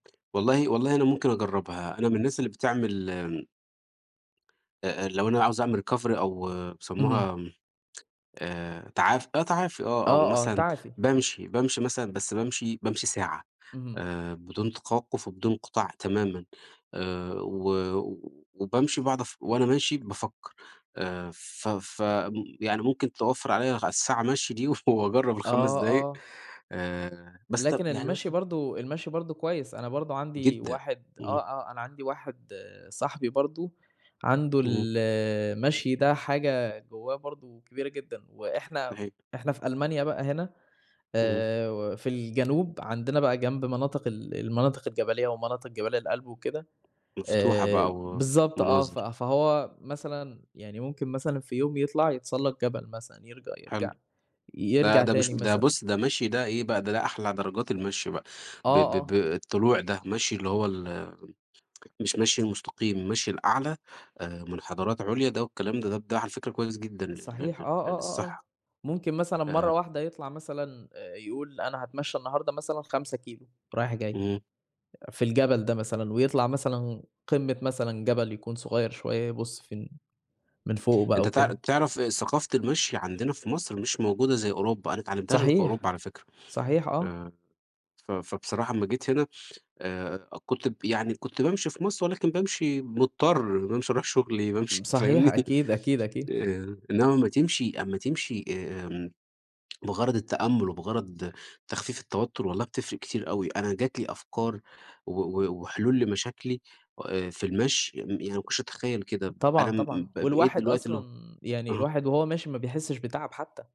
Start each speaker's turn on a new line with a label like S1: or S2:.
S1: والله والله أنا ممكن أجرّبها أنا من الناس اللي بتعمل أ أ لو أنا اللي عاوز أعمل recovery أو
S2: اهم.
S1: بيسموها آآ تعاف آه تعافي آه أو
S2: آه آه
S1: مثلًا،
S2: تعافي.
S1: بامشي، بامشي مثلًا بس بامشي بامشي ساعة،
S2: اهم.
S1: آآ بدون توقف وبدون انقطاع تمامًا، آآ و و وبامشي وباقعد اف وأنا ماشي بافكّر، آآ ف ف م يعني ممكن توفّر عليّا ع الساعة مَشي دي وف وأجرّب ال5
S2: آه
S1: دقايق،
S2: آه.
S1: آآ بس طَب
S2: لكن
S1: يعني
S2: المشي
S1: مثلًا
S2: برضو المشي برضو كويّس، أنا برضو عندي
S1: جدًا،
S2: واحد آه
S1: امم.
S2: آه أنا عندي واحد صاحبي برضو، عنده
S1: اهم.
S2: ال المشي ده حاجة جواه برضو كبيرة جدًا، وإحنا
S1: صحيح.
S2: إحنا في ألمانيا بقى هنا،
S1: اهم.
S2: آآ و في الجنوب عندنا بقى جنب مناطق ال المناطق الجبلية ومناطق جبال الألب وكده،
S1: مفتوحة
S2: آآ
S1: بقى و
S2: بالضبط آه ف
S1: مناظر.
S2: فهو مثلًا يعني ممكن مثلًا في يوم يطلع يتسلّق جبل مثلًا يرج
S1: حلو،
S2: يرجع
S1: ده
S2: يرجع
S1: ده مش
S2: تاني
S1: ده
S2: مثلًا.
S1: بُص ده مشي ده إيه بقى ده ده أحلى درجات المشي بقى، ب
S2: آه
S1: ب ب
S2: آه.
S1: الطلوع ده مشي اللي هو ال مش مشي المستقيم المشي الأعلى، آآ مُنحدرات عُليا ده والكلام ده طَب ده على فكرة كويّس جدًا لل
S2: صحيح، آه
S1: لل لل
S2: آه آه آه،
S1: للصحة.
S2: ممكن مثلًا مرّة
S1: آآ
S2: واحدة يطلع مثلًا آآ يقول أنا هاتمشى النهارده مثلًا 5 كيلو رايح جاي،
S1: امم.
S2: أ في الجبل ده مثلًا ويطلع مثلًا قمة مثلًا جبل يكون صغيّر شويّة يبُص في إن من فوقه بقى
S1: أنت تع
S2: وكده.
S1: تعرف آآ ثقافة المشي عندنا في مصر مش موجودة زي أوروبا، أنا ما اتعلمتهاش غير في
S2: صحيح،
S1: أوروبا على فكرة،
S2: صحيح آه.
S1: آآ ف فبصراحة أمّا جيت هنا آآ كُنت ب يعني كٌنت بامشي في مصر ولكن بامشي مُضطر بامشي أروح شغلي بامشي
S2: امم صحيح
S1: فاهمني،
S2: أكيد أكيد أكيد.
S1: آآ إنّما أمّا تمشي أمّا تمشي آآ امم، بِغرض التأمل وبِغرض تخفيف التوتّر والله بتفرق كتير أوي أنا جات لي أفكار و و وحلول لمشاكلي آآ في المشي يعني ما كُنتش أتخيّل كده، أنا
S2: طبعًا
S1: م
S2: طبعًا،
S1: ب بقيت
S2: والواحد
S1: دلوقتي اللي هو
S2: أصلًا يعني
S1: آه.
S2: الواحد وهو ماشي ما بيحسّش بتعب حتى.